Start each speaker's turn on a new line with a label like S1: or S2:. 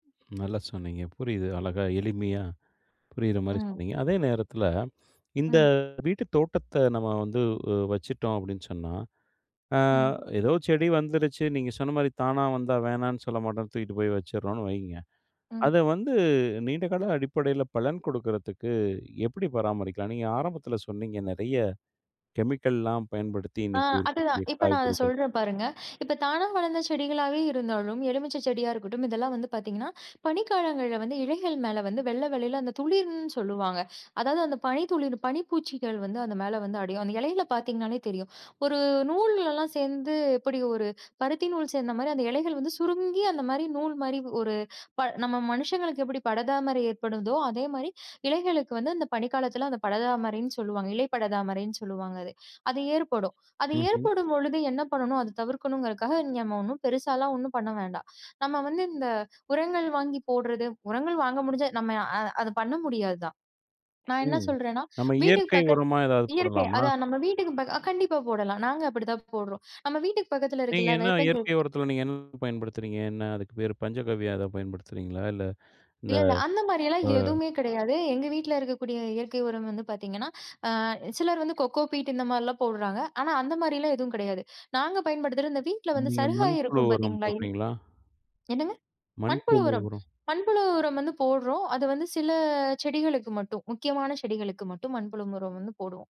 S1: நல்லா சொன்னீங்க. புரியுது. அழகா எளிமையா புரியற மாரி
S2: ம்.
S1: சொன்னீங்க. அதே நேரத்துல இந்த
S2: ம்.
S1: வீட்டுத் தோட்டத்த நம்ம வந்து உ வச்சுட்டோம் அப்டின்னு சொன்னா, அ
S2: ம்.
S1: ஏதோ செடி வந்துருச்சு. நீங்கச் சொன்ன மாரி, தானா வந்தா வேணாம்னு சொல்லமாட்டோம். தூக்கிட்டு போய் வச்சிட்றோன்னு வைங்க.
S2: ம்.
S1: அத வந்து நீண்ட கால அடிப்படையில பலன் குடுக்கறதுக்கு எப்படி பராமரிக்கலாம்? நீங்க ஆரம்பத்துல சொன்னீங்க நிறைய கெமிக்கல்லாம் பயன்படுத்தி
S2: ஆ
S1: இன்னைக்கு
S2: அது தான்.
S1: இருக்கக்கூடிய
S2: இப்ப நான் அத
S1: காய்கறிகள்
S2: சொல்றேன் பாருங்க. இப்ப தானா வளந்த செடிகளாவே இருந்தாலும், எலுமிச்சை செடியா இருக்கட்டும். இதெல்லாம் வந்து பாத்தீங்கன்னா, பனி காலங்கள்ல வந்து இலைகள் மேல வந்து வெள்ளவெள்ளேல அந்த துளிர்ன்னு சொல்லுவாங்க. அதாவது அந்தப் பனி துளிரும், பனி பூச்சிகள் வந்து அது மேல வந்து அடையும். அந்த இலையில பாத்தீங்கன்னாலே தெரியும். ஒரு நூல்லல்லாம் சேந்து எப்டி ஒரு, பருத்தி நூல் சேர்ந்த மாதிரி, அந்த இலைகள் வந்து சுருங்கி அந்த மாதிரி, நூல் மாரி ஒரு ப நம்ம மனுஷங்களுக்கு எப்படி படர்தாமரை ஏற்படுதோ, அதே மாரி இலைகளுக்கு வந்து அந்தப் பனி காலத்துல அந்தப் படர்தாமரைன்னு சொல்லுவாங்க. இலை படர்தாமரைன்னு சொல்வாங்க அது. அது ஏற்படும். அது
S1: ம்ஹ்ம்.
S2: ஏற்படும் பொழுது என்ன பண்ணணும், அத தவிர்க்கணுங்கறதுக்காக நம்ம ஒண்ணும் பெருசாலா ஒண்ணும் பண்ண வேண்டாம். நம்ம வந்து இந்த உரங்கள் வாங்கி போட்றது, உரங்கள் வாங்க முடிஞ்சா நம்ம அ அத பண்ண முடியாது தான். நான் என்ன
S1: ம்.
S2: சொல்றேன்னா,
S1: நம்ம
S2: வீட்டுக்குப்
S1: இயற்கை
S2: பக்கத்
S1: உரமா ஏதாவது
S2: இயற்கை.
S1: போடலாமா?
S2: அதான், நம்ம வீட்டுக்குப் பக்க அ கண்டிப்பா போடலாம். நாங்க அப்டி தான் போட்றோம். நம்ம வீட்டுக்குப் பக்கத்துல
S1: நீங்க
S2: இருக்குல்ல.
S1: என்ன
S2: வேப்பஞ்ச
S1: இயற்கை உரத்துல நீங்க என்ன பயன்படுத்துறீங்க? என்ன அதுக்கு பேரு? பஞ்சகவ்யம் எதாவது பயன்படுத்துறீங்களா? இல்ல இந்த
S2: இல்லல்ல அந்த மாரில்லாம்
S1: அ
S2: எதுவுமே கிடையாது. எங்க வீட்டுல இருக்கக்கூடிய இயற்கை உரம் வந்து பாத்தீங்கன்னா, அ சிலர் வந்து கோகோ பீட் இந்த மாரில்லாம் போட்றாங்க. ஆனா அந்த மாரில்லாம் எதுவும் கிடையாது. நாங்க பயன்படுத்துறது இந்த வீட்ல வந்து
S1: நீங்க மண்
S2: சருகாயி
S1: புழு
S2: இருக்கும்
S1: உரம்
S2: பாத்தீங்களா, [unintelligible]
S1: போட்றீங்களா?
S2: என்னங்க?
S1: மண்
S2: மண்புழு
S1: புழு
S2: உரம்
S1: உரம்.
S2: மண்புழு உரம் வந்து போட்றோம். அது வந்து சில செடிகளுக்கு மட்டும். முக்கியமான செடிகளுக்கு மட்டும் மண்புழு உரம் வந்து போடுவோம்.